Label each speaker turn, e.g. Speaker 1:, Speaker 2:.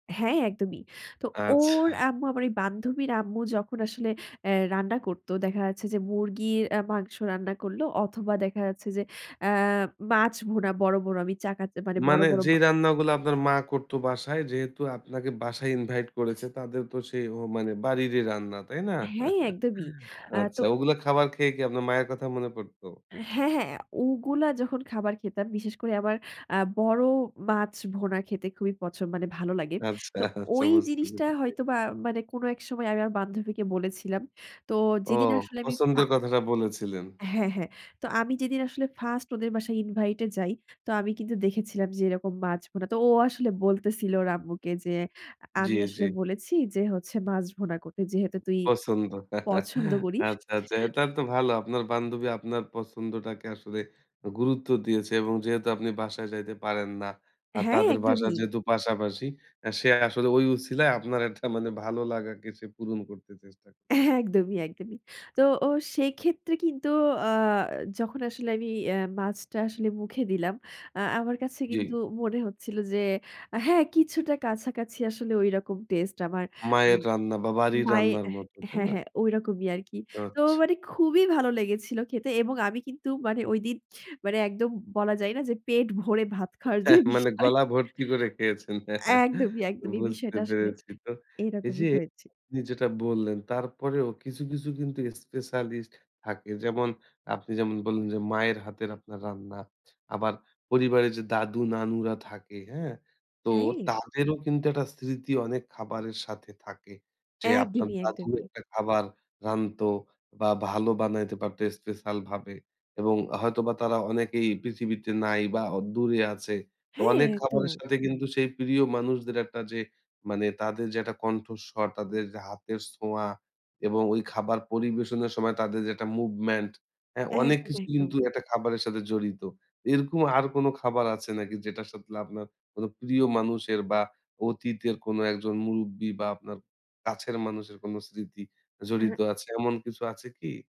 Speaker 1: হ্যাঁ, একদমই। তো ওর
Speaker 2: আচ্ছা।
Speaker 1: আম্মু আমার ওই বান্ধবীর আম্মু যখন আসলে অ্যা রান্না করত দেখা যাচ্ছে যে, মুরগির মাংস রান্না করল অথবা দেখা যাচ্ছে যে, আ মাছ ভুনা বড়, বড় আমি চা কাচে মানে বড়,
Speaker 2: মানে
Speaker 1: বড় মা
Speaker 2: যেই রান্নাগুলা আপনার মা করত বাসায় যেহেতু আপনাকে বাসায় ইনভাইট করেছে তাদের তো সেই মানে বাড়িরই রান্না, তাই না?
Speaker 1: হ্যাঁ, একদমই আ তো
Speaker 2: আচ্ছা ওগুলা খাবার খেয়ে কি আপনার মায়ের কথা মনে পড়ত?
Speaker 1: হ্যাঁ, হ্যাঁ, ওগুলা যখন খাবার খেতাম বিশেষ করে আমার আ বড় মাছ ভুনা খেতে খুবই পছন্দ মানে ভালো লাগে।
Speaker 2: আচ্ছা,
Speaker 1: তো
Speaker 2: আচ্ছা
Speaker 1: ওই
Speaker 2: বুঝতে
Speaker 1: জিনিসটা
Speaker 2: পেরেছি।
Speaker 1: হয়তোবা মানে কোন এক সময় আমি আমার বান্ধবীকে বলেছিলাম। তো
Speaker 2: ও
Speaker 1: যেদিন আসলে আমি ফা
Speaker 2: পছন্দের কথাটা বলেছিলেন।
Speaker 1: হ্যাঁ, হ্যাঁ। তো আমি যেদিন আসলে ফার্স্ট ওদের বাসায় ইনভাইটে যাই। তো আমি কিন্তু দেখেছিলাম যে, এরকম মাছ ভুনা। তো ও আসলে বলতেছিল ওর আম্মুকে যে,
Speaker 2: জি,
Speaker 1: আমি
Speaker 2: জি।
Speaker 1: আসলে বলেছি যে, হচ্ছে মাছ ভুনা করতে যেহেতু তুই
Speaker 2: পছন্দ।
Speaker 1: পছন্দ করিস।
Speaker 2: আচ্ছা, আচ্ছা। এটা তো ভালো। আপনার বান্ধবী আপনার পছন্দটাকে আসলে গুরুত্ব দিয়েছে এবং যেহেতু আপনি বাসায় যাইতে পারেন না। আর
Speaker 1: হ্যাঁ,
Speaker 2: তাদের বাসার
Speaker 1: একদমই।
Speaker 2: যেহেতু পাশাপাশি আ সে আসলে ওই উছিলায় আপনার একটা মানে ভালো লাগাকে সে পূরণ করতে চেষ্টা
Speaker 1: এ
Speaker 2: করেছে।
Speaker 1: একদমই, একদমই। তো ও সে ক্ষেত্রে কিন্তু আ যখন আসলে আমি অ্যা মাছটা আসলে মুখে দিলাম আ আমার কাছে
Speaker 2: জি।
Speaker 1: কিন্তু মনে হচ্ছিল যে, হ্যাঁ, কিছুটা কাছাকাছি আসলে ঐরকম টেস্টে আমার
Speaker 2: মায়ের
Speaker 1: উম
Speaker 2: রান্না বা বাড়ির
Speaker 1: মায়ের
Speaker 2: রান্নার মত, তাই
Speaker 1: হ্যাঁ,
Speaker 2: না?
Speaker 1: হ্যাঁ, ঐরকমই আরকি। তো
Speaker 2: আচ্ছা।
Speaker 1: মানে খুবই ভালো লেগেছিল খেতে এবং আমি কিন্তু মানে ঐদিন মানে একদম বলা যায় না যে, পেট ভরে ভাত খাওয়ার যে,
Speaker 2: হ্যাঁ, মানে
Speaker 1: বিষয়।
Speaker 2: গলা ভর্তি করে খেয়েছেন।
Speaker 1: একদমই, একদমই
Speaker 2: বুঝতে
Speaker 1: বিষয়টা আসলে
Speaker 2: পেরেছি তো। এই
Speaker 1: এরকমই
Speaker 2: যে,
Speaker 1: হয়েছে।
Speaker 2: আপনি যেটা বললেন তারপরেও কিছু, কিছু কিন্তু স্পেশালিস্ট থাকে। যেমন আপনি যেমন বললেন যে, মায়ের হাতের আপনার রান্না। আবার পরিবারের যে, দাদু-নানুরা থাকে, হ্যাঁ? তো
Speaker 1: হাইয়ে।
Speaker 2: তাদেরও কিন্তু একটা স্মৃতি অনেক খাবারের সাথে থাকে। যে, আপনার
Speaker 1: একদমই,
Speaker 2: দাদি
Speaker 1: একদমই।
Speaker 2: একটা খাবার রানতো বা ভালো বানাইতে পারত স্পেশাল ভাবে। এবং হয়তোবা তারা অনেকেই পৃথিবীতে নাই বা দূরে আছে। তো
Speaker 1: হ্যাঁ,
Speaker 2: অনেক খাবারের
Speaker 1: একদম।
Speaker 2: সাথে কিন্তু সেই প্রিয় মানুষদের একটা যে, মানে তাদের যে, একটা কণ্ঠস্বর, তাদের যে, হাতের ছোঁয়া এবং ওই খাবার পরিবেশনের সময় তাদের যে, একটা মুভমেন্ট, হ্যাঁ? অনেক
Speaker 1: একদম,
Speaker 2: কিছু
Speaker 1: একদম।
Speaker 2: কিন্তু একটা খাবারের সাথে জড়িত। এরকম আর কোন খাবার আছে নাকি যেটার সাথে আপনার কোন প্রিয় মানুষের বা অতীতের কোনো একজন মুরুব্বি বা আপনার কাছের মানুষের কোন স্মৃতি
Speaker 1: অ্যা
Speaker 2: জড়িত
Speaker 1: হ্যাঁ।
Speaker 2: আছে? এমন কিছু আছে কি?